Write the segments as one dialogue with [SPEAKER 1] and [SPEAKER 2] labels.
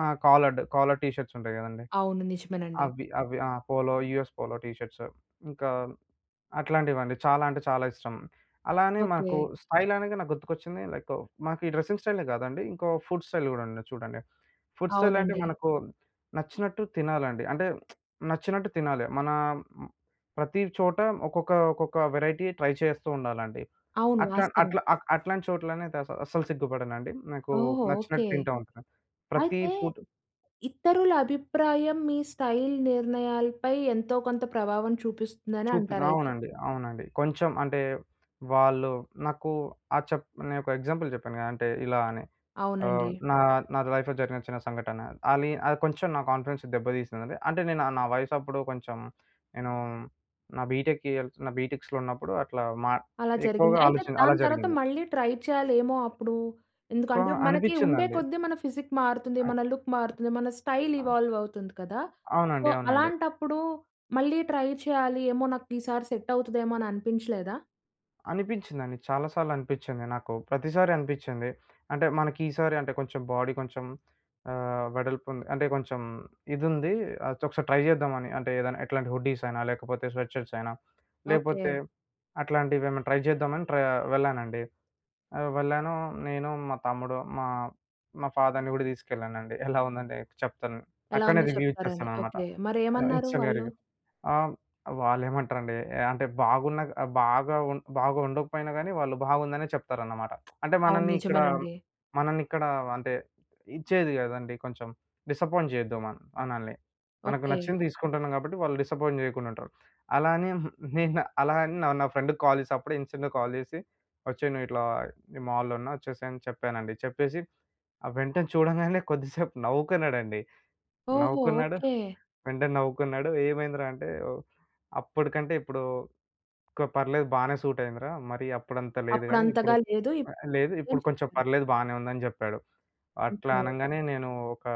[SPEAKER 1] ఆ! Collared. Collar T shirts ఉంటాయి కదండీ!
[SPEAKER 2] అవును. నిజమేనండి.
[SPEAKER 1] అవి అవి. ఆ! Polo US polo T shirts, ఇంకా అట్లాంటివండి. చాలా అంటే చాలా ఇష్టం. అలానే మనకు
[SPEAKER 2] ఓకే.
[SPEAKER 1] స్టైల్ అనగా నాకు గుర్తుకొచ్చింది. లైకు మాకు ఈ డ్రెసింగ్ స్టైలే కాదండి. ఇంకో ఫుడ్ స్టైల్ గూడా ఉంది చూడండి. ఫుడ్ స్టైల్ అంటే
[SPEAKER 2] అవునండి.
[SPEAKER 1] మనకు నచ్చినట్టు తినాలండి. అంటే నచ్చినట్టు తినాలి. మన ప్రతి చోట ఒక్కొక్క ఒక్కొక్క వేరైటీ ట్రై చేస్తూ ఉండాలండి.
[SPEAKER 2] అవును.
[SPEAKER 1] అట్లా
[SPEAKER 2] వాస్తవం.
[SPEAKER 1] అట్లా అట్లాంటి చోట్లనే అస అసలు సిగ్గుపడనండి. నాకు
[SPEAKER 2] ఓహో! ఓకే.
[SPEAKER 1] నచ్చినట్టు తింటా ఉంటాను. ప్రతి
[SPEAKER 2] అయితే
[SPEAKER 1] ఫుడ్
[SPEAKER 2] ఇతరుల అభిప్రాయం, మీ స్టైల్ నిర్ణయాలపై ఎంతో కొంత ప్రభావం చూపిస్తుందని
[SPEAKER 1] చూపి
[SPEAKER 2] అంటారయితే.
[SPEAKER 1] అవునండి. అవునండి. కొంచెం అంటే వాళ్ళు నాకు ఆ చప్ నేను ఒక ఎగ్జాంపుల్ చెప్పాను కదా! అంటే ఇలా అని. ఆహ్,
[SPEAKER 2] అవునండి.
[SPEAKER 1] నా నా లైఫ్‌లో జరిగిన చిన్న సంఘటన. అలి అది కొంచెం నా కాన్ఫిడెన్స్ దెబ్బ తీసింది. అంటే నేను నా వయసాప్పుడు కొంచెం, నేను నా బీటెకెళ్తున్న బీటెక్స్‌లో ఉన్నప్పుడు. అట్లా మా
[SPEAKER 2] అలా జరిగింది.
[SPEAKER 1] ఎక్కువగా
[SPEAKER 2] అయితే,
[SPEAKER 1] ఆలోచాన అలా
[SPEAKER 2] దాని తరువాత
[SPEAKER 1] జరిగింది.
[SPEAKER 2] మళ్ళీ ట్రై చేయలేమో అప్పుడు
[SPEAKER 1] కొ
[SPEAKER 2] ఎందుకంటే, మనకి ఉండే
[SPEAKER 1] అనిపించ్చిందండి.
[SPEAKER 2] కొద్ది మన ఫిజిక్ మారుతుంది,
[SPEAKER 1] ఆ!
[SPEAKER 2] మన లుక్ మారుతుంది, మన స్టైల్
[SPEAKER 1] ఆ!
[SPEAKER 2] ఇవాల్వ్ అవుతుంది కదా! సో,
[SPEAKER 1] అవునండి. అవునండి.
[SPEAKER 2] అలాంటప్పుడు మళ్ళీ ట్రై చేయాలి, ఏమో నాకు ఈసారి సెట్ అవుతదేమో అని అనిపించలేదా?
[SPEAKER 1] అనిపించిందండి. చాలా సార్లు అనిపిచ్చింది నాకు. ప్రతిసారి అనిపించింది. అంటే మనకీసారి అంటే కొంచెం బాడీ కొంచెం ఆహ్, వెడల్పుంది, అంటే కొంచెం ఇదుంది, అయితే ఒకసారి ట్రై చేద్దాం అని. అంటే ఏదైనా ఎట్లాంటి హుడ్డీస్ అయినా, లేకపోతే స్వెట్ షర్ట్స్ అయినా,
[SPEAKER 2] ఓకే.
[SPEAKER 1] లేకపోతే అట్లాంటివేమైనా ట్రై చేద్దామని ట్ర వెళ్ళానండి. ఆహ్, వెళ్ళాను నేను, మా తమ్ముడు, మా మా ఫాదర్‌ని గూడా తీసుకెళ్ళానండి. ఎలా ఉందంటే చెప్తాను.
[SPEAKER 2] ఎలా
[SPEAKER 1] అక్కడనే
[SPEAKER 2] ఉందో
[SPEAKER 1] రివ్యూ
[SPEAKER 2] చెప్తారని,
[SPEAKER 1] ఇచ్చేస్తానన్నమాట.
[SPEAKER 2] ఓకే. మరేమన్నారు
[SPEAKER 1] ఇన్‌స్టంట్‌గా
[SPEAKER 2] వాళ్ళు?
[SPEAKER 1] రివ్యూ. ఆహ్, వాళ్ళెమంటారండి, అంటే బాగున్న బాగా ఉ బాగుండకపోయినా గానీ, వాళ్ళు బాగుందనే చెప్తారన్నమాట. అంటే
[SPEAKER 2] అవును.
[SPEAKER 1] మనల్ని ఇక్కడ
[SPEAKER 2] నిజమేనండి.
[SPEAKER 1] మనల్ని ఇక్కడ అంటే ఇచ్చేది కదండీ కొంచెం డిసప్పాయింట్ చేయొద్దు. మన్ మనల్ని. మనకు
[SPEAKER 2] ఓకే.
[SPEAKER 1] నచ్చింది తీసుకుంటున్నాం గాబట్టి, వాళ్ళు డిసప్పాయింట్ చేయకుండా ఉంటారు. అలా అని నేను అలా అని నా నా ఫ్రెండ్‌కి కాల్ చేసి, అప్పుడే, ఇన్స్టాంట్ కాల్ చేసి, వచ్చేయ్ నువ్వు ఇట్లా నేను మాల్‌లో ఉన్నా, వచ్చేసేయ్ అని చెప్పానండి. చెప్పేసి వెంటనే చూడంగానే కొద్దిసేపు నవ్వుకున్నాడండి.
[SPEAKER 2] ఓహో!
[SPEAKER 1] నవ్వుకున్నాడు.
[SPEAKER 2] ఓకే.
[SPEAKER 1] వెంటనే నవ్వుకున్నాడు. ఏమైందిరా అంటే, అప్పటికంటే ఇప్పుడు ఓకే పర్లేదు. బానే సూట్ అయిందిరా. మరి అప్పుడంత లేదు గానీ,
[SPEAKER 2] అప్పుడంతగా
[SPEAKER 1] ఇప్పుడు
[SPEAKER 2] లేదు. ఇప్పుడు
[SPEAKER 1] ఆహ్, లేదు
[SPEAKER 2] ఉంది అని
[SPEAKER 1] ఇప్పుడు కొంచెం
[SPEAKER 2] చెప్పారు.
[SPEAKER 1] పర్లేదు, బాగానే ఉందని జెప్పాడు. అట్లా
[SPEAKER 2] ఓకే.
[SPEAKER 1] అనంగానే నేను ఒక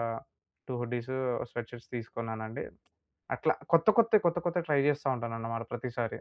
[SPEAKER 1] 2 హుడ్డీసు, స్వెట్ షర్ట్స్ తీసుకున్నానండి. అట్లా కొత్త కొత్తవి, కొత్త కొత్తవి ట్రై చేస్తూ ఉంటానన్నమాట ప్రతిసారి.